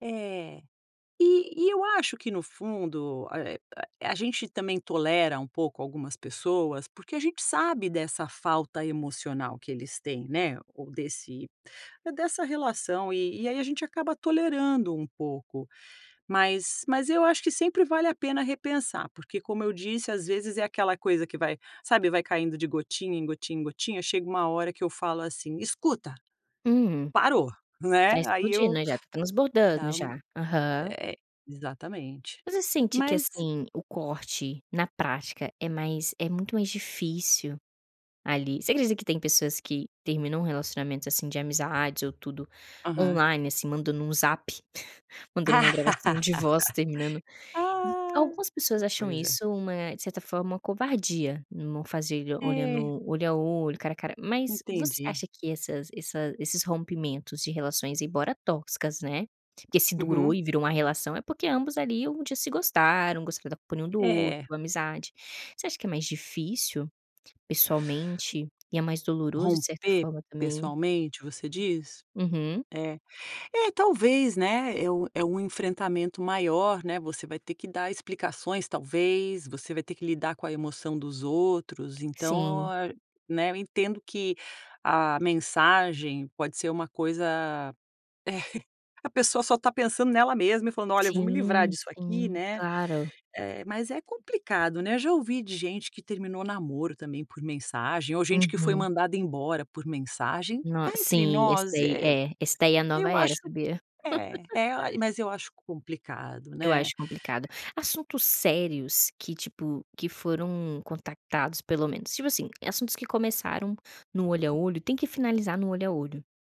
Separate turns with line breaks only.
É. E e eu acho que, no fundo, eh, a a a gente também tolera um pouco algumas pessoas porque a gente sabe dessa falta emocional que eles têm, né, ou desse é, dessa relação e e aí a gente acaba tolerando um pouco. Mas mas eu acho que sempre vale a pena repensar porque, como eu disse, às vezes é aquela coisa que vai sabe, vai caindo de gotinha em gotinha em gotinha, chega uma hora que eu falo assim: "Escuta!
Hum.
Parou!" Não
Tá
é, aí
explodindo,
eu
né, já tá transbordando,
dá um
já. Aham.
eh exatamente.
Mas você sente que,
Mas
assim, o corte, na prática, é mais é muito mais difícil, ali. Você acredita que tem pessoas que terminam relacionamentos, assim, de amizades ou tudo
Aham.
online, assim, mandando um Zap, mandando uma gravação de voz terminando, m
Ah!
algumas pessoas
Que
acham
coisa.
isso uma de certa forma, uma covardia, não fazer e
É.
olhando olho a olho, cara a cara, mas, você
Entendi.
acha que essas essa esses rompimentos de relações, embora tóxicas, né, porque se durou
Uhum.
e virou uma relação é porque ambos, ali, um dia se gostaram, gostaram da companhia um do outro,
É.
amizade. Você acha que é mais difícil, pessoalmente, e é mais doloroso, de certa
Romper
forma também?
pessoalmente, você diz?
Uhum.
É. É talvez, né, é um é um enfrentamento maior, né. Você vai ter dar explicações, talvez. Você vai ter que lidar com a emoção dos outros,
Sim.
então é né, eu entendo que a mensagem pode ser uma coisa é. A pessoa só tá pensando nela mesma e falando: "Olha, eu vou me livrar
Sim
disso aqui",
sim.
né,
Claro.
eh, mas é complicado, né. Eu já ouvi de gente que terminou namoro, também, por mensagem ou gente que foi
Uhum.
mandada embora por mensagem.
No
Cá entre
sim. Esse
nós,
daí
eh,
é. Esse daí é a nova
eu
era,
acho
sabia.
é. É a mas eu acho complicado,
Eu acho
né.
complicado. Assuntos sérios que, tipo, que foram contactados, pelo menos tipo assim, assuntos que começaram no olho a olho tem que finalizar no olho a olho.